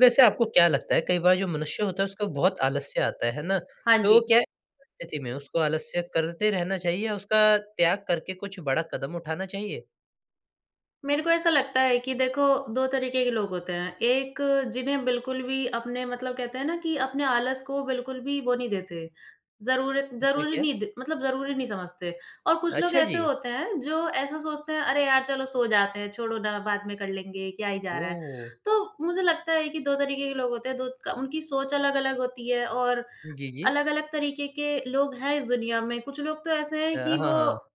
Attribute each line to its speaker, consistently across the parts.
Speaker 1: वैसे आपको क्या लगता है कई बार जो मनुष्य होता है उसको बहुत आलस्य आता है। है ना?
Speaker 2: हाँ
Speaker 1: तो
Speaker 2: जी।
Speaker 1: क्या परिस्थिति में उसको आलस्य करते रहना चाहिए या उसका त्याग करके कुछ बड़ा कदम उठाना चाहिए?
Speaker 2: मेरे को ऐसा लगता है कि देखो 2 तरीके के लोग होते हैं। 1 जिन्हें बिल्कुल भी अपने मतलब कहते हैं ना कि अपने आलस को बिल्कुल भी वो नहीं देते, ज़रूरत
Speaker 1: क्या,
Speaker 2: ज़रूरी
Speaker 1: क्या?
Speaker 2: नहीं द मतलब ज़रूरी नहीं समझते और कुछ लोग
Speaker 1: अच्छा
Speaker 2: ऐसे
Speaker 1: जी।
Speaker 2: होते हैं, जो ऐसा सोचते हैं अरे! यार चलो सो जाते हैं, छोड़ो ना बाद में कर लेंगे, क्या ही जा रहा है?
Speaker 1: ओह!
Speaker 2: तो मुझे लगता है कि 2 तरीके के लोग होते हैं 2 क उनकी सोच अलग-अलग होती है और
Speaker 1: जी, जी।
Speaker 2: अलग-अलग तरीके के लोग हैं इस दुनिया में। कुछ लोग तो ऐसे हैं
Speaker 1: अ,
Speaker 2: कि
Speaker 1: हाँ, हाँ।
Speaker 2: वो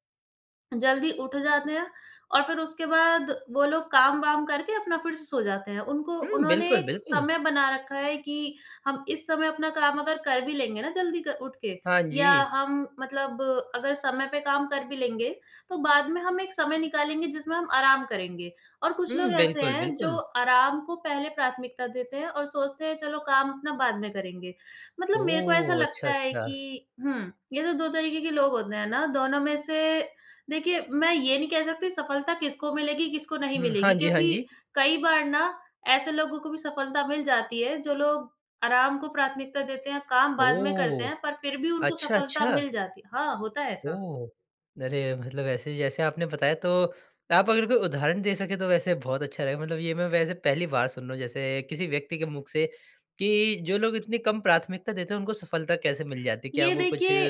Speaker 2: जल्दी उठ जाते हैं और फ़िर उसके बाद वो लोग काम-वाम करके अपना फ़िर से सो जाते हैं। उनको
Speaker 1: हुँ,
Speaker 2: उन्होंने
Speaker 1: बिल्कुल,
Speaker 2: एक
Speaker 1: बिल्कुल।
Speaker 2: समय बना रखा है कि हम इस समय अपना काम अगर कर भी लेंगे ना, जल्दी क उठ के
Speaker 1: हाँ
Speaker 2: या
Speaker 1: जी।
Speaker 2: हम मतलब अगर समय पे काम कर भी लेंगे। तो बाद में हम एक समय निकालेंगे, जिसमें हम आराम करेंगे और कुछ लोग
Speaker 1: हुँ,
Speaker 2: ऐसे
Speaker 1: बिल्कुल,
Speaker 2: हैं जो
Speaker 1: बिल्कुल।
Speaker 2: आराम को पहले प्राथमिकता देते हैं और सोचते हैं, चलो काम अपना बाद में करेंगे मतलब मेरे को ऐसा
Speaker 1: ओह! अच्छा,
Speaker 2: लगता है
Speaker 1: अच्छा।
Speaker 2: कि हुँ, ये तो 2 तरीके के लोग होते हैं ना दोनों में से देखिए मैं ये नहीं कह सकती सफ़लता किसको मिलेगी? किसको नहीं
Speaker 1: हुँ, हाँ
Speaker 2: मिलेगी।
Speaker 1: जी, हाँ
Speaker 2: क्योंकि
Speaker 1: जी।
Speaker 2: कई बार ना ऐसे लोगों को भी सफ़लता मिल जाती है, जो लोग आराम को प्राथमिकता देते हैं। काम बाद में करते
Speaker 1: ओह!
Speaker 2: हैं पर फ़िर भी उनको
Speaker 1: अच्छा,
Speaker 2: सफ़लता
Speaker 1: अच्छा।
Speaker 2: मिल जाती है हाँ, होता है ऐसा।
Speaker 1: ओह! अरे मतलब ऐसे जैसे आपने बताया, तो आप अगर कोई उदाहरण दे सकें, तो वैसे बहुत अच्छा रहेगा। मतलब ये मैं वैसे पहली बार सुन रहा हूँ जैसे किसी व्यक्ति के मुख से कि जो लोग इतनी कम प्राथमिकता देते हैं, उनको सफ़लता कैसे मिल जाती है? क्या
Speaker 2: ये
Speaker 1: वो कुछ?
Speaker 2: देखिए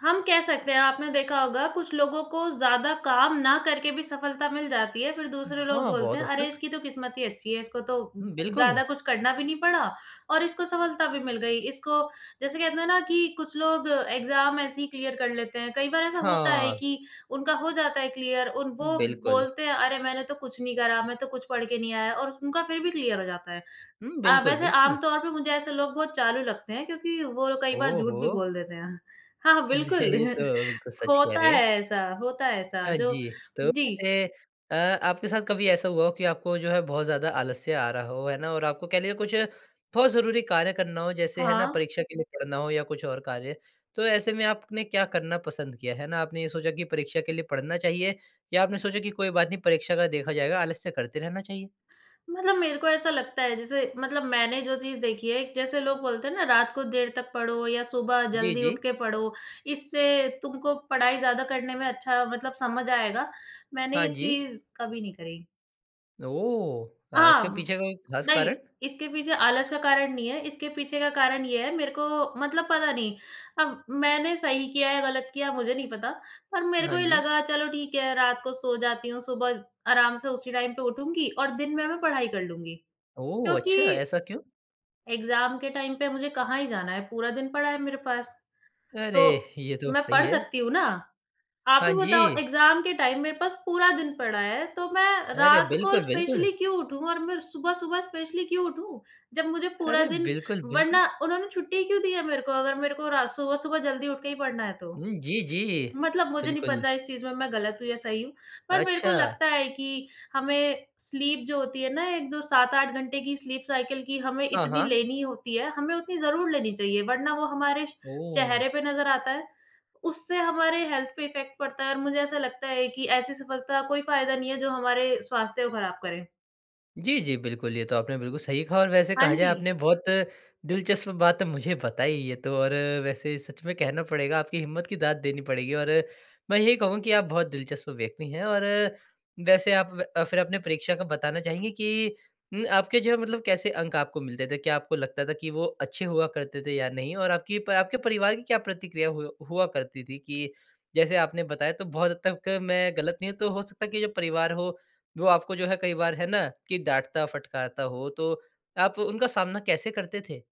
Speaker 2: हम कह सकते हैं, आपने देखा होगा कुछ लोगों को ज़्यादा काम ना करके भी सफ़लता मिल जाती है, फ़िर दूसरे लोग
Speaker 1: हाँ,
Speaker 2: बोलते
Speaker 1: बहुत
Speaker 2: हैं
Speaker 1: हद
Speaker 2: अरे!
Speaker 1: तक।
Speaker 2: इसकी तो किस्मत ही अच्छी है। इसको तो
Speaker 1: हुँ, बिल्कुल।
Speaker 2: ज़्यादा कुछ करना भी नहीं पड़ा और इसको सफ़लता भी मिल गई। इसको जैसे कहते हैं ना कि कुछ लोग एग्ज़ाम ऐसे ही क्लियर कर लेते हैं। कई बार ऐसा होता है
Speaker 1: हाँ।
Speaker 2: कि उनका हो जाता है क्लियर उन वो
Speaker 1: बिल्कुल।
Speaker 2: बोलते हैं अरे! मैंने तो कुछ नहीं करा, मैं तो कुछ पढ़ के नहीं आया और उस उनका फ़िर भी क्लियर हो जाता है।
Speaker 1: हुँ,
Speaker 2: हाँ,
Speaker 1: बिल्कुल,
Speaker 2: वैसे
Speaker 1: बिल्कुल।
Speaker 2: आम-तौर पे मुझे ऐसे लोग बहुत चालू लगते हैं क्योंकि वो कई
Speaker 1: ओ
Speaker 2: बार झूठ भी
Speaker 1: हो!
Speaker 2: बोल देते हैं। हाँ, हाँ,
Speaker 1: अरे
Speaker 2: बिल्कुल
Speaker 1: ये तो, बिल्कुल सच कह
Speaker 2: होता
Speaker 1: रहे
Speaker 2: है
Speaker 1: हैं।
Speaker 2: ऐसा होता है ऐसा
Speaker 1: हाँ
Speaker 2: जो
Speaker 1: जी, तो
Speaker 2: जी।
Speaker 1: ए अ, आपके साथ कभी ऐसा हुआ हो कि आपको जो है बहुत ज़्यादा आलस्य आ रहा हो है ना? और आपको कह लिए कुछ बहुत ज़रूरी कार्य करना हो। जैसे है ना
Speaker 2: हाँ।
Speaker 1: परीक्षा के लिए पढ़ना हो या कुछ और कार्य, तो ऐसे में आपने क्या करना पसंद किया, है ना? आपने ये सोचा कि परीक्षा के लिए पढ़ना चाहिए? या आपने सोचा कि कोई बात नहीं परीक्षा का देखा जाएगा, आलस्य करते रहना चाहिए?
Speaker 2: मतलब मेरे को ऐसा लगता है, जैसे मतलब मैंने जो चीज़ देखी है, जैसे लोग बोलते हैं ना रात को देर तक पढ़ो या सुबह
Speaker 1: जी,
Speaker 2: जल्दी उठ
Speaker 1: जी।
Speaker 2: के पढ़ो। इससे तुमको पढ़ाई ज़्यादा करने में अच्छा, मतलब समझ आएगा, मैंने
Speaker 1: हाँ
Speaker 2: ये
Speaker 1: जी।
Speaker 2: चीज़ कभी नहीं करी।
Speaker 1: ओह! अ, इसके
Speaker 2: आह!
Speaker 1: पीछे का कोई खास
Speaker 2: नहीं।
Speaker 1: कारण?
Speaker 2: इसके पीछे आलस का कारण नहीं है। इसके पीछे का कारण ये है मेरे को मतलब पता नहीं, अब मैंने सही किया या गलत किया मुझे नहीं पता पर मेरे
Speaker 1: हाँ
Speaker 2: को ये
Speaker 1: जी।
Speaker 2: लगा चलो ठीक है, रात को सो जाती हूँ, सुबह आराम से उसी टाइम पे उठूँगी और दिन में मैं पढ़ाई कर लूँगी।
Speaker 1: ओह! अच्छा,
Speaker 2: क्योंकि
Speaker 1: ऐसा क्यों?
Speaker 2: एग्ज़ाम के टाइम पे मुझे कहाँ ही जाना है, पूरा दिन पड़ा है मेरे पास,
Speaker 1: अरे!
Speaker 2: तो
Speaker 1: ये तो
Speaker 2: मैं
Speaker 1: सही
Speaker 2: पढ़
Speaker 1: है।
Speaker 2: सकती हूँ ना। आप
Speaker 1: हाँ
Speaker 2: ही बताओ
Speaker 1: जी।
Speaker 2: एग्ज़ाम के टाइम मे पास पूरा दिन पड़ा है, तो मैं
Speaker 1: अरे,
Speaker 2: रात को
Speaker 1: बिल्कुल, बिल्कुल।
Speaker 2: स्पेशली क्यों उठूँ? और मैं सुबह-सुबह स्पेशली क्यों उठूँ? जब मुझे पूरा
Speaker 1: अरे,
Speaker 2: दिन
Speaker 1: बिल्कुल, बिल्कुल।
Speaker 2: वरना उन्होंने छुट्टी क्यों दी है मेरे को? अगर मेरे को रा सुबह-सुबह जल्दी उठ के ही पढ़ना है तो?
Speaker 1: हुँ, जी, जी।
Speaker 2: मतलब मुझे नहीं
Speaker 1: बिल्कुल।
Speaker 2: पता इस चीज़ में मैं गलत हूँ या सही हूँ। पर मेरे को
Speaker 1: अच्छा।
Speaker 2: लगता है कि हमें स्लीप जो होती है ना एक जो 7-8 घंटे की स्लीप साइकिल की हमें
Speaker 1: हाँ,
Speaker 2: इतनी
Speaker 1: हाँ।
Speaker 2: लेनी होती है, हमें उतनी ज़रूर लेनी चाहिए, वरना वो हमारे श चेहरे
Speaker 1: ओह!
Speaker 2: पे नज़र आता है। उससे हमारे हेल्थ पे इफेक्ट पड़ता है और मुझे ऐसा लगता है कि ऐसी सफलता का कोई फ़ायदा नहीं है जो हमारे स्वास्थ्य को ख़राब करे।
Speaker 1: जी, जी, बिल्कुल ये तो आपने बिल्कुल सही कहा और वैसे कहा
Speaker 2: हाँ
Speaker 1: जाए
Speaker 2: जी।
Speaker 1: आपने बहुत दिलचस्प बात मुझे बताई ये तो और वैसे सच में कहना पड़ेगा आपकी हिम्मत की, दाद देनी पड़ेगी और मैं ये कहूँ कि आप बहुत दिलचस्प व्यक्ति हैं और वैसे आप अ, फिर अपने परीक्षा का बताना चाहेंगे कि म आपके जो है मतलब कैसे अंक आपको मिलते थे? क्या आपको लगता था कि वो अच्छे हुआ करते थे या नहीं? और आपकी प आपके परिवार की क्या प्रतिक्रिया हु हुआ करती थी कि जैसे आपने बताया तो बहुत हद तक मैं गलत नहीं हूँ तो हो सकता है कि जो परिवार हो, वो आपको जो है कई बार है ना कि डाँटता फटकारता हो तो आप वो उनका सामना कैसे करते थे?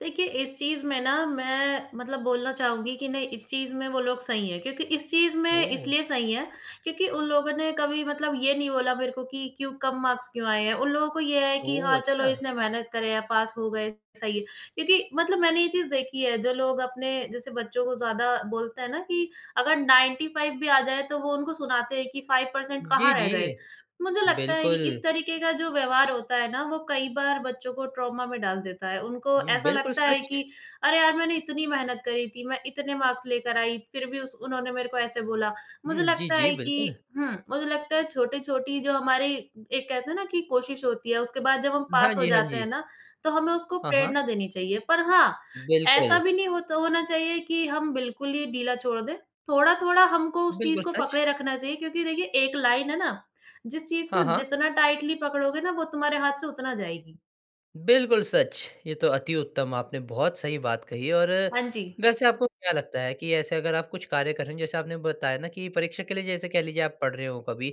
Speaker 2: देखिए इस चीज़ में ना मैं मतलब बोलना चाहूँगी कि नहीं इस चीज़ में वो लोग सही हैं क्योंकि इस चीज़ में
Speaker 1: ओह!
Speaker 2: इसलिए सही हैं क्योंकि उन लोगों ने कभी मतलब ये नहीं बोला मेरे को कि क्यों कम मार्क्स क्यों आए हैं? उन लोगों को ये है कि
Speaker 1: ओह,
Speaker 2: हाँ, चलो
Speaker 1: अच्छा!
Speaker 2: इसने मेहनत करे है पास हो गए, सही है क्योंकि मतलब मैंने ये चीज़ देखी है जो लोग अपने जैसे बच्चों को ज़्यादा बोलते हैं ना कि अगर 95 भी आ जाएँ, तो वो उनको सुनाते हैं कि 5%
Speaker 1: जी,
Speaker 2: कहाँ रह गए।
Speaker 1: जी।
Speaker 2: मुझे लगता है कि इस
Speaker 1: बिल्कुल।
Speaker 2: तरीके का जो व्यवहार होता है ना, वो कई बार बच्चों को ट्रॉमा में डाल देता है। उनको
Speaker 1: उम,
Speaker 2: ऐसा
Speaker 1: बिलकुल
Speaker 2: लगता है कि
Speaker 1: सच।
Speaker 2: अरे यार, मैंने इतनी मेहनत करी थी, मैं इतने मार्क्स लेकर आई फिर भी उस उन्होंने मेरे को ऐसे बोला।
Speaker 1: हुँ,
Speaker 2: मुझे
Speaker 1: जी,
Speaker 2: लगता
Speaker 1: जी।
Speaker 2: है कि
Speaker 1: बिल्कुल।
Speaker 2: हुँ, मुझे लगता है छोटी-छोटी जो हमारी एक कहते हैं ना कि कोशिश होती है। उसके बाद जब हम
Speaker 1: हाँ
Speaker 2: पास हो
Speaker 1: जी, हाँ
Speaker 2: जाते हैं
Speaker 1: जी।
Speaker 2: ना, तो हमें उसको
Speaker 1: हाँ, हाँ।
Speaker 2: प्रेरणा देनी चाहिए। पर हाँ, ऐसा
Speaker 1: बिल्कुल।
Speaker 2: भी नहीं होत होना चाहिए कि हम बिल्कुल ही ढीला छोड़ दें। थोड़ा-थोड़ा हमको उस चीज़
Speaker 1: बिल्कुल
Speaker 2: को
Speaker 1: सच।
Speaker 2: पकड़े रखना चाहिए क्योंकि देखिए एक लाइन है ना, जिस चीज़ को
Speaker 1: हाँ, हाँ।
Speaker 2: जितना टाइटली पकड़ोगे ना, वो तुम्हारे हाथ से उतना जाएगी।
Speaker 1: बिल्कुल सच! ये तो अति-उत्तम आपने बहुत सही बात कही और
Speaker 2: हाँ जी।
Speaker 1: वैसे आपको क्या लगता है कि ऐसे अगर आप कुछ कार्य करेंगे जैसे आपने बताया ना कि परीक्षा के लिए जैसे कह लीजिए आप पढ़ रहे हो कभी,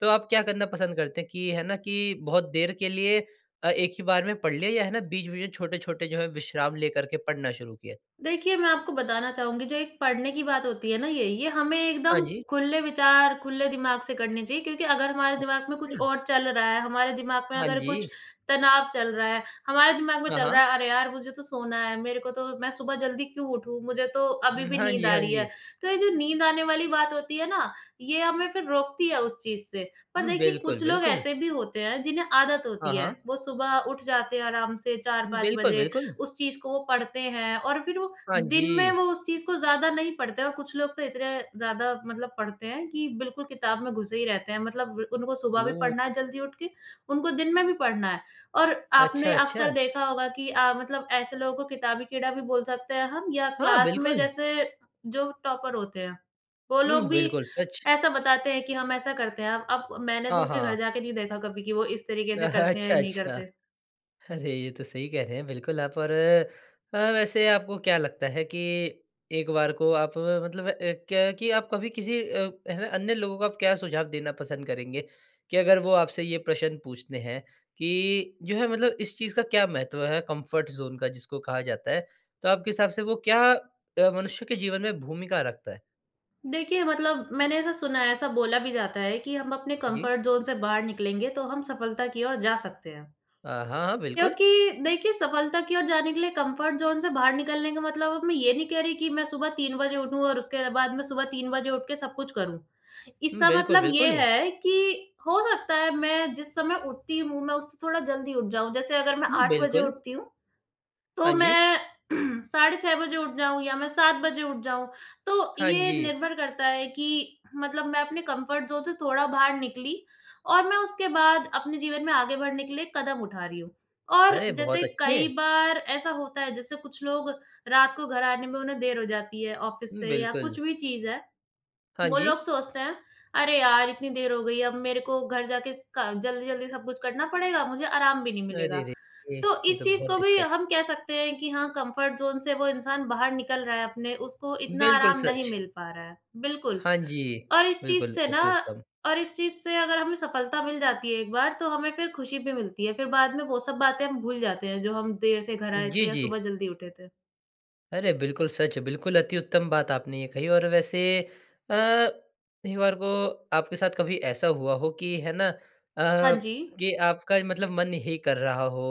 Speaker 1: तो आप क्या करना पसंद करते हैं कि है ना कि बहुत देर के लिए अ, 1 ही बार में पढ़ लिया? या है ना बीच-बीच में छोटे-छोटे जो हैं विश्राम लेकर के पढ़ना शुरू किया?
Speaker 2: देखिए मैं आपको बताना चाहूँगी जो एक पढ़ने की बात होती है ना ये ये हमें
Speaker 1: हाँ
Speaker 2: एकदम
Speaker 1: जी।
Speaker 2: खुले विचार खुले दिमाग से करने चाहिए क्योंकि अगर हमारे दिमाग में कुछ
Speaker 1: ओके।
Speaker 2: और चल रहा है हमारे दिमाग में
Speaker 1: हाँ
Speaker 2: अगर
Speaker 1: जी।
Speaker 2: कुछ तनाव चल रहा है, हमारे दिमाग में
Speaker 1: हाँ,
Speaker 2: चल
Speaker 1: हाँ।
Speaker 2: रहा है अरे! यार मुझे तो सोना है, मेरे को तो मैं सुबह जल्दी क्यों उठूँ? मुझे तो अभी
Speaker 1: हुँ।
Speaker 2: भी
Speaker 1: हाँ
Speaker 2: नींद
Speaker 1: जी,
Speaker 2: आ
Speaker 1: हाँ
Speaker 2: रही है।
Speaker 1: जी।
Speaker 2: तो ये जो नींद आने वाली बात होती है ना, ये हमें फिर रोकती है उस चीज़ से। पर
Speaker 1: हुँ,
Speaker 2: देखिए
Speaker 1: बिल्कुल,
Speaker 2: कुछ लोग
Speaker 1: बिल्कुल।
Speaker 2: ऐसे भी होते हैं जिन्हें आदत
Speaker 1: हाँ,
Speaker 2: होती है,
Speaker 1: हाँ।
Speaker 2: वो सुबह उठ जाते हैं आराम से 4-5
Speaker 1: बिल्कुल,
Speaker 2: बजे,
Speaker 1: बिल्कुल।
Speaker 2: उस चीज़ को वो पढ़ते हैं और फिर वो
Speaker 1: हाँ
Speaker 2: दिन में
Speaker 1: जी।
Speaker 2: वो उस चीज़ को ज़्यादा नहीं पढ़ते हैं। और कुछ लोग तो इतने ज़्यादा मतलब पढ़ते हैं कि बिल्कुल किताब में घुसे ही रहते हैं मतलब उनको सुबह भी
Speaker 1: ओह!
Speaker 2: पढ़ना है जल्दी उठ के, उनको दिन में भी पढ़ना है और
Speaker 1: अच्छा,
Speaker 2: आपने
Speaker 1: अच्छा।
Speaker 2: अक्सर देखा होगा कि आप मतलब ऐसे लोगों को किताबी कीड़ा भी बोल सकते हैं हम या
Speaker 1: हाँ,
Speaker 2: क्लास में
Speaker 1: बिल्कुल।
Speaker 2: जैसे जो टॉपर होते हैं। वो
Speaker 1: हुँ,
Speaker 2: लोग भी
Speaker 1: बिल्कुल सच।
Speaker 2: ऐसा बताते हैं कि हम ऐसा करते हैं हम अब मैंने तो
Speaker 1: हाँ,
Speaker 2: उनके
Speaker 1: हाँ।
Speaker 2: घर जाके नहीं देखा कभी कि वो इस तरीके से करते हैं
Speaker 1: अच्छा,
Speaker 2: या नहीं
Speaker 1: अच्छा।
Speaker 2: करते।
Speaker 1: अरे ये तो सही कह रहे हैं बिल्कुल आप और अ, वैसे आपको क्या लगता है कि एक बार को आप मतलब अ, क्या कि आप कभी किसी अ, अन्य लोगों को आप क्या सुझाव देना पसंद करेंगे? कि अगर वो आपसे ये प्रश्न पूछते हैं, कि जो है मतलब इस चीज़ का क्या महत्व है कम्फ़र्ट ज़ोन का जिसको कहा जाता है, तो आपके हिसाब से वो क्या अ, मनुष्य के जीवन में भूमिका रखता है?
Speaker 2: देखिए मतलब, मैंने ऐसा सुना है ऐसा बोला भी जाता है कि हम अपने
Speaker 1: जी।
Speaker 2: कम्फ़र्ट ज़ोन से बाहर निकलेंगे तो हम सफ़लता की ओर जा सकते हैं।
Speaker 1: अ, हाँ, हाँ, बिल्कुल।
Speaker 2: क्योंकि, देखिए सफ़लता की ओर जाने के लिए कम्फ़र्ट ज़ोन से बाहर निकलने का मतलब अब मैं ये नहीं कह रही हूँ कि मैं सुबह 3 बजे उठूँ और उसके बाद मैं सुबह 3 बजे उठ के सब कुछ करूँ, इसका
Speaker 1: बिल्कुल,
Speaker 2: मतलब ये
Speaker 1: बिल्कुल।
Speaker 2: है कि हो सकता है मैं जिस समय उठती हूँ मैं उससे थोड़ा जल्दी उठ जाऊँ जैसे अगर मैं
Speaker 1: हुँ,
Speaker 2: 8 बजे
Speaker 1: बिल्कुल।
Speaker 2: उठती हूँ,
Speaker 1: हाँ
Speaker 2: तो
Speaker 1: जी।
Speaker 2: मैं साढ़े 6 बजे उठ जाऊँ या मैं 7 बजे उठ जाऊँ, तो
Speaker 1: हाँ
Speaker 2: ये
Speaker 1: जी।
Speaker 2: निर्भर करता है कि मतलब मैं अपने कम्फ़र्ट ज़ोन से थोड़ा बाहर निकली और मैं उसके बाद अपने जीवन में आगे बढ़ने के लिए कदम उठा रही हूँ। और
Speaker 1: अरे, बहुत
Speaker 2: जैसे कई
Speaker 1: अच्छे!
Speaker 2: बार ऐसा होता है जैसे कुछ लोग, रात को घर आने में उन्हें देर हो जाती है ऑफ़िस से या
Speaker 1: बिल्कुल।
Speaker 2: कुछ भी चीज़ है,
Speaker 1: हाँ
Speaker 2: वो लोग
Speaker 1: जी।
Speaker 2: सोचते हैं, अरे यार इतनी देर हो गई है अब मेरे को घर जाके स क जल्दी-जल्दी सब कुछ करना पड़ेगा, मुझे आराम भी नहीं मिलेगा।
Speaker 1: अरे रे रे!
Speaker 2: तो
Speaker 1: ये
Speaker 2: इस
Speaker 1: तो
Speaker 2: चीज़
Speaker 1: बहुत
Speaker 2: को भी
Speaker 1: दिक्कत।
Speaker 2: हम कह सकते हैं कि हाँ, कम्फ़र्ट ज़ोन से वो इंसान बाहर निकल रहा है अपने उसको इतना
Speaker 1: बिल्कुल,
Speaker 2: आराम नहीं
Speaker 1: सच।
Speaker 2: मिल पा रहा है, बिल्कुल।
Speaker 1: हाँ जी,
Speaker 2: और इस चीज़
Speaker 1: बिल्कुल,
Speaker 2: से ना
Speaker 1: अति उत्तम।
Speaker 2: और इस चीज़ से अगर हमें सफ़लता मिल जाती है 1 बार, तो हमें फिर खुशी भी मिलती है फिर बाद में वो सब बातें हम भूल जाते हैं जो हम देर से घर आए थे
Speaker 1: जी,
Speaker 2: या
Speaker 1: जी।
Speaker 2: सुबह जल्दी उठे थे।
Speaker 1: अरे, बिल्कुल सच है। बिल्कुल, अति उत्तम बात आपने ये कही। और वैसे अ, एक बार को आपके साथ कभी ऐसा हुआ हो कि है ना अ,
Speaker 2: हाँ जी।
Speaker 1: कि आपका मतलब मन ही कर रहा हो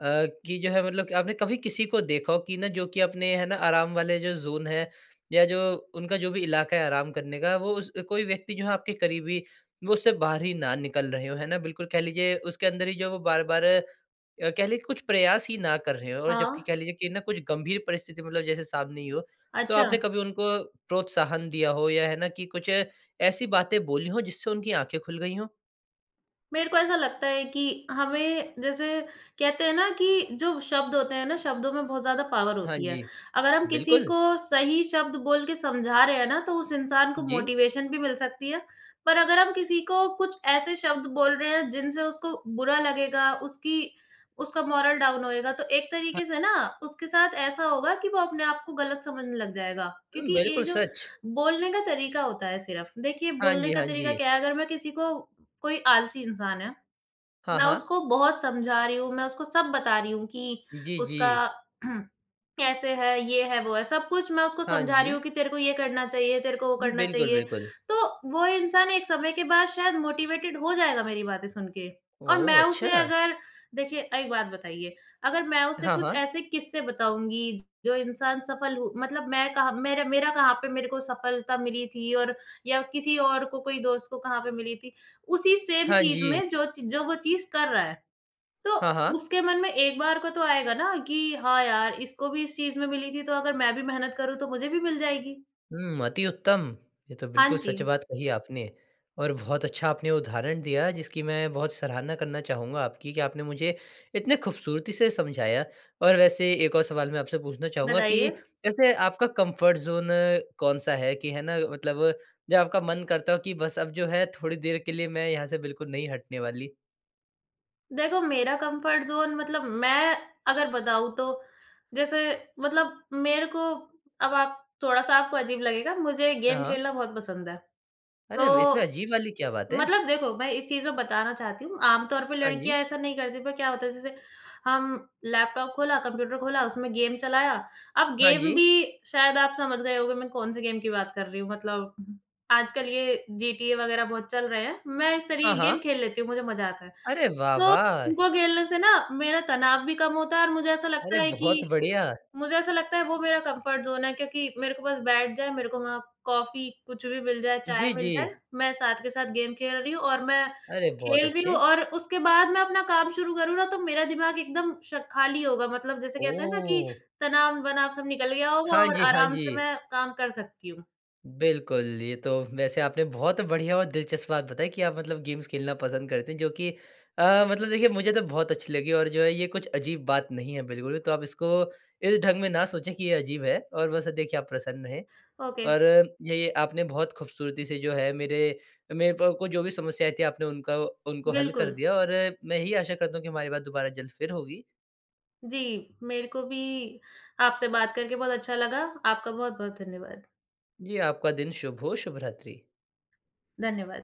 Speaker 1: अ, कि जो है मतलब आपने कभी किसी को देखा हो कि ना जो कि अपने है ना आराम वाले जो ज़ोन है या जो उनका जो भी इलाका है आराम, काम करने का वो उस कोई व्यक्ति जो है आपके करीबी वो उससे बाहर ही ना निकल रहे हों है ना। बिल्कुल कह लीजिए उसके अंदर ही जो वो बार-बार अ, कह लें कुछ प्रयास ही ना कर रहे हों जबकि
Speaker 2: हाँ।
Speaker 1: कह लीजिए कि ना कुछ गंभीर परिस्थिति मतलब जैसे सामने ही हो। तो आपने
Speaker 2: अच्छा।
Speaker 1: कभी उनको प्रोत्साहन दिया हो? या है ना कि कुछ ऐसी बातें बोली हो जिससे उनकी आँखें खुल गई हों?
Speaker 2: मेरे को ऐसा लगता है कि हमें जैसे कहते हैं ना कि जो शब्द होते हैं ना शब्दों में बहुत ज़्यादा पावर
Speaker 1: हाँ
Speaker 2: होती है।
Speaker 1: जी।
Speaker 2: अगर हम किसी
Speaker 1: बिल्कुल।
Speaker 2: को सही शब्द बोल के समझा रहे हैं ना तो उस इंसान को
Speaker 1: जी।
Speaker 2: मोटिवेशन भी मिल सकती है। पर अगर हम किसी को कुछ ऐसे शब्द बोल रहे हैं जिनसे उसको बुरा लगेगा, उसकी उसका मोरल डाउन होएगा। तो एक
Speaker 1: ह
Speaker 2: तरीके से ना उसके साथ ऐसा होगा कि वो अपने आप को गलत समझने लग जाएगा,
Speaker 1: हुँ,
Speaker 2: क्योंकि ये
Speaker 1: बिल्कुल
Speaker 2: जो
Speaker 1: सच।
Speaker 2: बोलने का तरीका होता है सिर्फ़। देखिए
Speaker 1: हाँ
Speaker 2: बोलने
Speaker 1: जी,
Speaker 2: का
Speaker 1: हाँ
Speaker 2: तरीका
Speaker 1: जी।
Speaker 2: क्या है, अगर मैं किसी को कोई आलसी इंसान है,
Speaker 1: हाँ,
Speaker 2: मैं
Speaker 1: हाँ।
Speaker 2: उसको बहुत समझा रही हूँ, मैं उसको सब बता रही हूँ कि
Speaker 1: जी,
Speaker 2: उसका
Speaker 1: जी।
Speaker 2: कैसे है, ये है वो है सब कुछ मैं उसको
Speaker 1: हाँ
Speaker 2: समझा रही हूँ
Speaker 1: जी।
Speaker 2: कि तेरे को ये करना चाहिए, तेरे को वो
Speaker 1: उ,
Speaker 2: करना
Speaker 1: बिल्कुल,
Speaker 2: चाहिए।
Speaker 1: बिल्कुल।
Speaker 2: तो वो इंसान एक समय के बाद शायद मोटिवेटेड हो जाएगा मेरी बातें सुन के। और
Speaker 1: ओह!
Speaker 2: मैं उसे
Speaker 1: अच्छा।
Speaker 2: अगर देखिए एक बात बताइए अगर मैं उसे
Speaker 1: हाँ,
Speaker 2: कुछ
Speaker 1: हाँ।
Speaker 2: ऐसे किस्से बताऊँगी जो इंसान सफ़ल हो मतलब मैं कहाँ मेरा मेरा कहाँ पे मेरे को सफ़लता मिली थी और या किसी और को कोई दोस्त को कहाँ पे मिली थी, उसी सेम
Speaker 1: हाँ
Speaker 2: चीज़
Speaker 1: जी।
Speaker 2: में ज जो वो चीज़ कर रहा है। तो
Speaker 1: हाँ, हाँ।
Speaker 2: उसके मन में एक बार को तो आएगा ना कि हाँ यार, इसको भी इस चीज़ में मिली थी तो अगर मैं भी मेहनत करूँ तो मुझे भी मिल जाएगी।
Speaker 1: हुँ, अति उत्तम। ये तो
Speaker 2: हाँ
Speaker 1: बिल्कुल
Speaker 2: जी।
Speaker 1: सच बात कही आपने। और बहुत अच्छा आपने उदाहरण दिया जिसकी मैं बहुत सराहना करना चाहूँगा आपकी कि आपने मुझे इतनी ख़ूबसूरती से समझाया। और वैसे एक और सवाल मैं आपसे पूछना चाहूँगा कि
Speaker 2: बताइए?
Speaker 1: वैसे आपका कम्फ़र्ट ज़ोन कौन-सा है? कि है ना मतलब जो आपका मन करता हो कि बस अब जो है थोड़ी देर के लिए मैं यहाँ से बिल्कुल नहीं हटने वाली?
Speaker 2: देखो, मेरा कम्फ़र्ट ज़ोन मतलब मैं अगर बताऊँ, तो जैसे मतलब मेरे को अब आप थोड़ा-सा आपको अजीब लगेगा, मुझे
Speaker 1: अ,
Speaker 2: गेम
Speaker 1: हाँ।
Speaker 2: खेलना बहुत पसंद है।
Speaker 1: अरे! अब इसमें
Speaker 2: तो
Speaker 1: अजीब वाली क्या बात है?
Speaker 2: मतलब देखो, मैं इस चीज़ में बताना चाहती हूँ, आमतौर पे
Speaker 1: हाँ जी।
Speaker 2: लड़कियाँ ऐसा नहीं करती, पर क्या होता है, जैसे हम लैपटॉप खोला, कंप्यूटर खोला, उसमें गेम चलाया। अब
Speaker 1: हाँ
Speaker 2: गेम
Speaker 1: जी।
Speaker 2: भी, शायद आप समझ गए होंगे, मैं कौन-से गेम की बात कर रही हूँ। मतलब आजकल ये जीटीए वगैरह बहुत चल रहे हैं, मैं इस
Speaker 1: हाँ,
Speaker 2: तरीके की गेम
Speaker 1: हाँ।
Speaker 2: खेल लेती हूँ, मुझे मज़ा आता है।
Speaker 1: अरे, वाह!
Speaker 2: तो
Speaker 1: वाह!
Speaker 2: उनको खेलने से ना, मेरा तनाव भी कम होता है और मुझे ऐसा
Speaker 1: अरे!
Speaker 2: लगता है
Speaker 1: बहुत
Speaker 2: कि
Speaker 1: बढ़िया।
Speaker 2: मुझे ऐसा लगता है, वो मेरा कम्फ़र्ट ज़ोन है, क्योंकि मेरे को बस बैठ जाए, मेरे को वहाँ कॉफी, कुछ भी मिल जाए, चाय
Speaker 1: जी,
Speaker 2: मिल जाए,
Speaker 1: जी।
Speaker 2: मैं साथ के साथ गेम खेल रही हूँ और मैं
Speaker 1: अरे! बहुत
Speaker 2: खेल रही
Speaker 1: अच्छे।
Speaker 2: हूँ और उसके बाद मैं अपना काम शुरू करूँ ना, तो मेरा दिमाग एकदम श खाली होगा। मतलब जैसे कहते हैं ना कि
Speaker 1: ओह!
Speaker 2: तनाव-वनाव सब निकल गया होगा
Speaker 1: हाँ
Speaker 2: और
Speaker 1: जी, हाँ
Speaker 2: आराम से
Speaker 1: जी।
Speaker 2: मैं काम कर सकती हूँ।
Speaker 1: बिल्कुल, ये तो वैसे आपने बहुत बढ़िया और दिलचस्प बात बताई कि आप मतलब गेम्स खेलना पसंद करते हैं, जो कि अ, मतलब देखिए, मुझे तो बहुत अच्छी लगी और जो है ये कुछ अजीब बात नहीं है बिल्कुल। तो आप इसको इस ढंग में ना सोचें कि ये अजीब है और वैसा देखिए, आप प्रसन्न हैं।
Speaker 2: ओके।
Speaker 1: और ये आपने बहुत ख़ूबसूरती से जो है मेरे मेरे को आपको जो भी समस्या आई थी, आपने उनका उनको हल कर
Speaker 2: बिल्कुल।
Speaker 1: दिया और मैं यही आशा करता हूँ कि हमारी बात दोबारा जल्द फिर होगी।
Speaker 2: जी, मेरे को भी आपसे बात करके बहुत अच्छा लगा। आपका बहुत-बहुत धन्यवाद।
Speaker 1: जी, आपका दिन शुभ हो। शुभरात्रि।
Speaker 2: धन्यवाद।